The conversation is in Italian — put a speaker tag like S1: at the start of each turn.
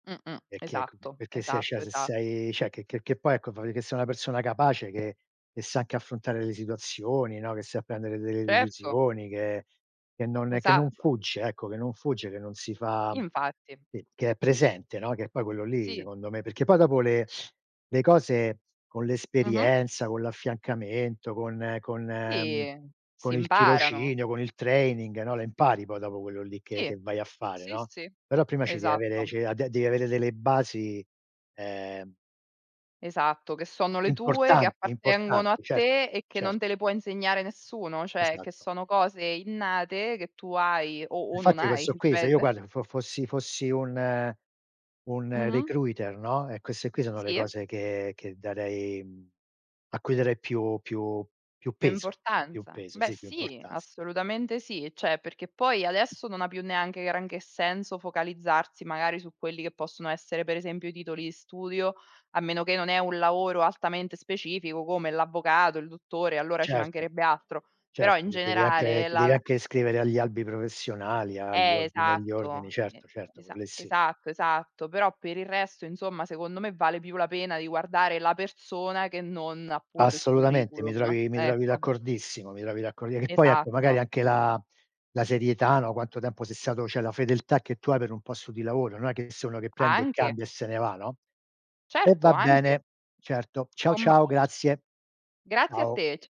S1: Mh, mh.
S2: È che ecco
S1: Esatto,
S2: perché se cioè
S1: esatto,
S2: se
S1: esa
S2: sei cioè che che che poi ecco che fai vedere che sei una persona capace che che sa anche affrontare le situazioni, no, che sa prendere delle
S1: Certo.
S2: decisioni, che che non, ehm, che non
S1: Esatto.
S2: fugge, ecco, che non fugge, che non si fa
S1: Infatti.
S2: che che è presente, no, che è poi quello lì
S1: Tì.
S2: secondo me perché poi dopo le le cose con
S1: Mh-mh.
S2: l'esperienza, con l'affiancamento, con con, mhmm,
S1: Sì. Si
S2: con il
S1: imparano.
S2: tirocinio, con il training no, le impari poi dopo quello lì che
S1: Sì,
S2: che vai a fare,
S1: sì,
S2: no,
S1: sì,
S2: però prima ci devi avere
S1: esatto.
S2: ci devi a ad devi avere delle basi, ehm
S1: Esatto, che sono le tue, che
S2: importanti
S1: appartengono a
S2: importanti. Cert
S1: te, e che
S2: certo.
S1: non te le può insegnare nessuno. Cioè che
S2: Esatto.
S1: sono cose innate che tu hai o o non
S2: Infatti
S1: hai,
S2: questo qui se io
S1: dipende.
S2: guarda fo fossi fossi un un
S1: Mh-mh.
S2: recruiter, no, e queste qui sono le
S1: Sì.
S2: cose che che darei, mhmm, a cui darei più più più
S1: Più
S2: peso, più
S1: importanza.
S2: peso,
S1: Beh
S2: sì, più
S1: sì,
S2: importanz
S1: assolutamente sì. Cioè perché poi adesso non ha più neanche granché senso focalizzarsi magari su quelli che possono essere per esempio i titoli di studio, a meno che non è un lavoro altamente specifico come l'avvocato, il dottore, allora ci
S2: Certo,
S1: mancherebbe altro. Però in
S2: certo che devi anche
S1: generale
S2: ti
S1: la
S2: devi
S1: la
S2: anche iscrivere agli albi professionali, agli
S1: Eh,
S2: ordini agli ordini,
S1: esatto, e
S2: certo, certo, quello
S1: esa
S2: lì sì.
S1: esatto, esatto. Però per il resto, insomma, secondo me vale più la pena di guardare la persona che non appunto il
S2: Assolutamente, mi
S1: curriculum,
S2: trovi mi trovi
S1: ecco.
S2: d'accordissimo, mi trovi d'accordi che poi ecco magari
S1: Esatto.
S2: anche la la serietà, no, quanto tempo sei stato cioè la fedeltà che tu hai per un posto di lavoro, non è che sono uno che prende e
S1: Anche.
S2: cambia e se ne va, no? Eh
S1: Certo,
S2: va
S1: anche.
S2: bene, certo. Ciao
S1: Combac
S2: ciao, grazie.
S1: Grazie a
S2: Ciao.
S1: te, c